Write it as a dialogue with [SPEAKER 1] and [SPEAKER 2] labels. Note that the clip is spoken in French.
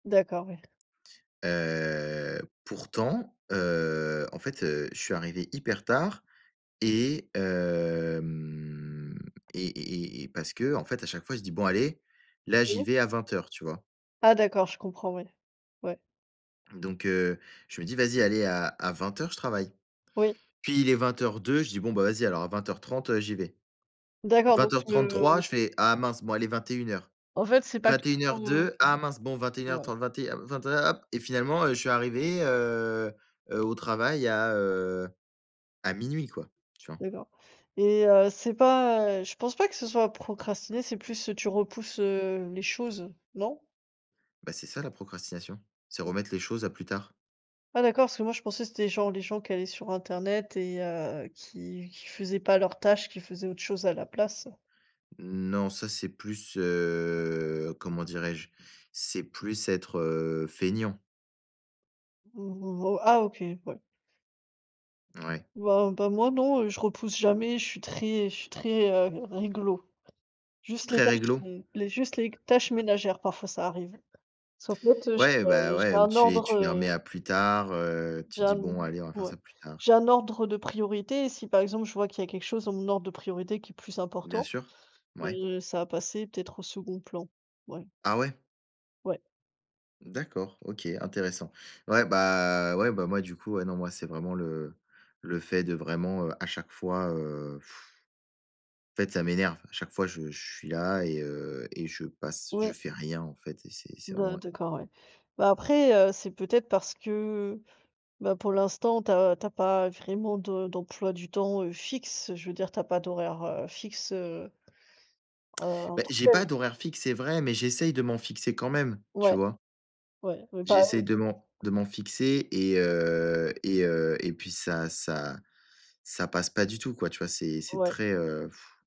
[SPEAKER 1] D'accord, ouais.
[SPEAKER 2] Heu, pourtant, heu, en fait, heu, je suis arrivé hyper tard et hem, et et et et parce qu'en fait, à chaque fois, je dis: «Bon allez, là, j'y
[SPEAKER 1] Mmh.
[SPEAKER 2] vais à 20:00», tu vois?
[SPEAKER 1] Ah d'accord, je comprends, ouais. Ouais.
[SPEAKER 2] Donc, heu, je me dis: «Vas-y allez à à 20:00 je travaille».
[SPEAKER 1] Oui.
[SPEAKER 2] Puis il est 20:02, je dis: «Bon bah vas-y alors à 20:30, heu, j'y vais».
[SPEAKER 1] D'accord,
[SPEAKER 2] vingt
[SPEAKER 1] donc
[SPEAKER 2] heures
[SPEAKER 1] tu, heu,
[SPEAKER 2] trente-trois, je fais: «Ah mince, bon, allez 21:00.
[SPEAKER 1] En fait c'est pas que tu,
[SPEAKER 2] vingt-et-une
[SPEAKER 1] [unintelligible]
[SPEAKER 2] heures
[SPEAKER 1] heu
[SPEAKER 2] deux, ah mince. Bon, vingt-et-une heures
[SPEAKER 1] ouais.
[SPEAKER 2] trente, 21». [unintelligible] Hop et finalement, heu, je suis arrivé heu, heu, au travail à, heu, à minuit quoi. Tu vois?
[SPEAKER 1] D'accord. Et heu, c'est pas, heu je pense pas que ce soit procrastiner, c'est plus tu repousses, heu, les choses, non?
[SPEAKER 2] Ben, c'est ça la procrastination. C'est remettre les choses à plus tard.
[SPEAKER 1] Ah d'accord parce que moi je pensais que c'était genre, les gens qui allaient sur internet et, heu, qui qui faisaient pas leurs tâches, qui faisaient autre chose à la place.
[SPEAKER 2] Non, ça c'est plus, heu, comment dirais-je? C'est plus être, heu, feignant.
[SPEAKER 1] [unintelligible] Ah OK. Ouais.
[SPEAKER 2] Ouais.
[SPEAKER 1] Bah, ben moi non, heu, je repousse jamais, je suis très je suis très, heu, réglo. Juste, les
[SPEAKER 2] Très
[SPEAKER 1] tâches
[SPEAKER 2] réglo?
[SPEAKER 1] [unintelligible] juste les tâches ménagères, parfois, ça arrive. Parce qu'en fait, heu, j'ai
[SPEAKER 2] Ouais ben,
[SPEAKER 1] j'ai
[SPEAKER 2] ouais, ou
[SPEAKER 1] un
[SPEAKER 2] tu es
[SPEAKER 1] ordre,
[SPEAKER 2] tu les remets
[SPEAKER 1] heu
[SPEAKER 2] à plus tard, heu, tu te
[SPEAKER 1] j'ai
[SPEAKER 2] dis:
[SPEAKER 1] un
[SPEAKER 2] «Bon, allez, on va faire
[SPEAKER 1] o ouais
[SPEAKER 2] ça plus tard».
[SPEAKER 1] j'ai un ordre de priorité, et si, par exemple, je vois qu'il y a quelque chose dans mon ordre de priorité qui est plus
[SPEAKER 2] Bien
[SPEAKER 1] important,
[SPEAKER 2] sûr, ouais.
[SPEAKER 1] heu, ça va passer peut-être au 2e plan, ouais.
[SPEAKER 2] Ah ouais?
[SPEAKER 1] Ouais.
[SPEAKER 2] D'accord, OK, intéressant. Ouais bah ouais bah, moi du coup, ouais, non, moi c'est vraiment le le fait de vraiment, heu, à chaque fois, heu, en fait ça m'énerve. À chaque fois je je suis là et heu, et je passe je
[SPEAKER 1] Ouais.
[SPEAKER 2] fais rien en fait et c'est c'est vraiment
[SPEAKER 1] Ben,
[SPEAKER 2] ouais.
[SPEAKER 1] d'accord ouais. Ben, après, heu, c'est peut-être parce que, ben, pour l'instant tu as tu as pas vraiment de d'emploi du temps, heu, fixe, je veux dire tu as pas d'horaires heu, fixes, heu, heu, en
[SPEAKER 2] Bah,
[SPEAKER 1] tant que
[SPEAKER 2] j'ai
[SPEAKER 1] tel.
[SPEAKER 2] pas d'horaires fixes, c'est vrai, mais j'essaye de m'en fixer quand même, tu
[SPEAKER 1] Ouais,
[SPEAKER 2] vois?
[SPEAKER 1] ouais, mais
[SPEAKER 2] J'essaye de m'en
[SPEAKER 1] [unintelligible]
[SPEAKER 2] de m'en fixer et heu et heu et puis ça ça ça passe pas du tout quoi, tu vois? C'est c'est
[SPEAKER 1] Ouais.
[SPEAKER 2] très, heu.